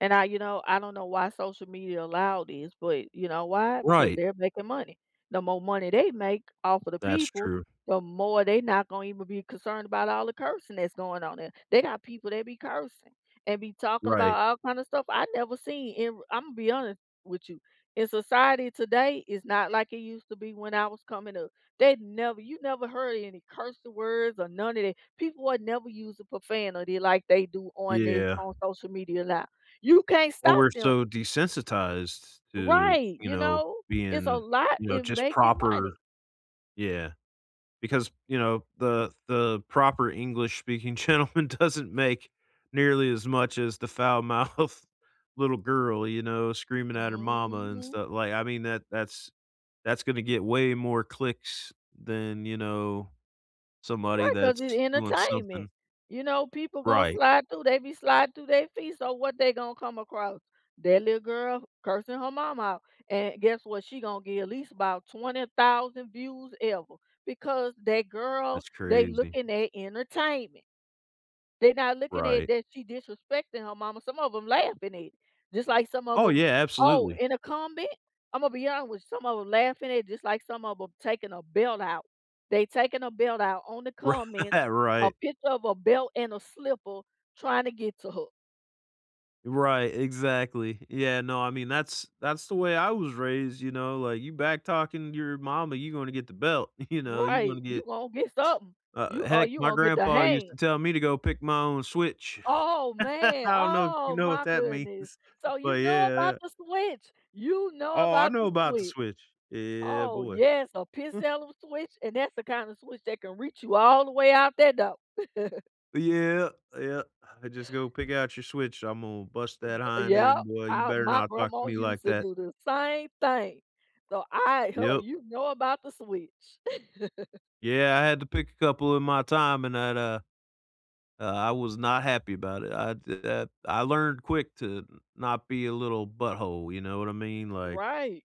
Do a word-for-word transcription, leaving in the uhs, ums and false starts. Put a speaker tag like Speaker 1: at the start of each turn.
Speaker 1: And I you know, I don't know why social media allowed this, but, you know, why? Because
Speaker 2: Right.
Speaker 1: they're making money. The more money they make off of the
Speaker 2: That's
Speaker 1: people,
Speaker 2: true.
Speaker 1: the more they not gonna even be concerned about all the cursing that's going on there, they got people that be cursing, and be talking about
Speaker 2: Right.
Speaker 1: all kind of stuff I've never seen, and, Imma be honest with you, in society today, it's not like it used to be when I was coming up, they'd never You never heard any curse words or none of that. People would never use a profanity like they do on this
Speaker 2: Yeah.
Speaker 1: on social media now. You can't stop
Speaker 2: Well, we're
Speaker 1: them.
Speaker 2: so desensitized to,
Speaker 1: Right,
Speaker 2: you
Speaker 1: you
Speaker 2: know,
Speaker 1: know? It's a
Speaker 2: being,
Speaker 1: lot
Speaker 2: you know,
Speaker 1: in
Speaker 2: just
Speaker 1: making
Speaker 2: proper
Speaker 1: money.
Speaker 2: Yeah. Because, you know, the the proper English-speaking gentleman doesn't make nearly as much as the foul-mouthed little girl, you know, screaming at her mama and
Speaker 1: Mhm.
Speaker 2: stu Like, I mean, that that's that's gonna get way more clicks than, you know, somebody
Speaker 1: Right, 'cause it
Speaker 2: that's doing something
Speaker 1: entertainment. You know, people gonna
Speaker 2: Right.
Speaker 1: slide through, they be slide through they feed, so what they gonna come across? That little girl cursing her mama out, and guess what? She gonna get at least about twenty thousand views ever, because that girl,
Speaker 2: That's
Speaker 1: they
Speaker 2: crazy.
Speaker 1: looking at entertainment. They not looking at
Speaker 2: Right.
Speaker 1: that she disrespecting her mama, some of 'em laughing at it, just like some of
Speaker 2: Oh,
Speaker 1: 'em
Speaker 2: yeah.
Speaker 1: Oh,
Speaker 2: Absolutely.
Speaker 1: in a comment, Imma be honest with some of 'em laughing at it just like some of 'em taking a belt out. They taking a belt out on the
Speaker 2: Right,
Speaker 1: comment, a
Speaker 2: right.
Speaker 1: picture of a belt and a slipper trying to get to her.
Speaker 2: Right, exactly. Yeah No, I mean, that's that's the way I was raised, you know, like, you back-talking your mama, you're gonna get the belt, you know, you're gonna
Speaker 1: Right, you
Speaker 2: get
Speaker 1: gonna get something, you
Speaker 2: Uh,
Speaker 1: or,
Speaker 2: heck,
Speaker 1: you
Speaker 2: my
Speaker 1: gonna get the
Speaker 2: grandpa used
Speaker 1: hand.
Speaker 2: to tell me to go pick my own switch.
Speaker 1: Oh, man!
Speaker 2: I don't know if you
Speaker 1: Oh,
Speaker 2: know what
Speaker 1: my
Speaker 2: that means?
Speaker 1: goodness! So you
Speaker 2: But
Speaker 1: know
Speaker 2: yeah,
Speaker 1: about
Speaker 2: yeah.
Speaker 1: the switch? You know
Speaker 2: Oh, I
Speaker 1: about
Speaker 2: know
Speaker 1: the
Speaker 2: about the
Speaker 1: switch.
Speaker 2: switch. Yeah, yeah, yeah,
Speaker 1: Oh,
Speaker 2: boy.
Speaker 1: yes, uh, picks the hell out of a switch, and that's the kinda switch that can reach you all the way out there, though.
Speaker 2: Oh yeah, yeah, I just go, "Pick out your switch, I'm gonna bust
Speaker 1: Uh, w
Speaker 2: that
Speaker 1: Oh,
Speaker 2: hind
Speaker 1: yeah,
Speaker 2: end, boy, you
Speaker 1: I
Speaker 2: better
Speaker 1: My
Speaker 2: not talk
Speaker 1: grandma
Speaker 2: to me
Speaker 1: used
Speaker 2: like
Speaker 1: to
Speaker 2: that."
Speaker 1: do the same thing, so I Oh,
Speaker 2: Yep.
Speaker 1: you know about the switch.
Speaker 2: Yeah, I had to pick a couple in my time, and I'd, uh Uh, I was not happy about it, I did that I learned quick to not be a little butthole, you know what I mean? Like
Speaker 1: Right.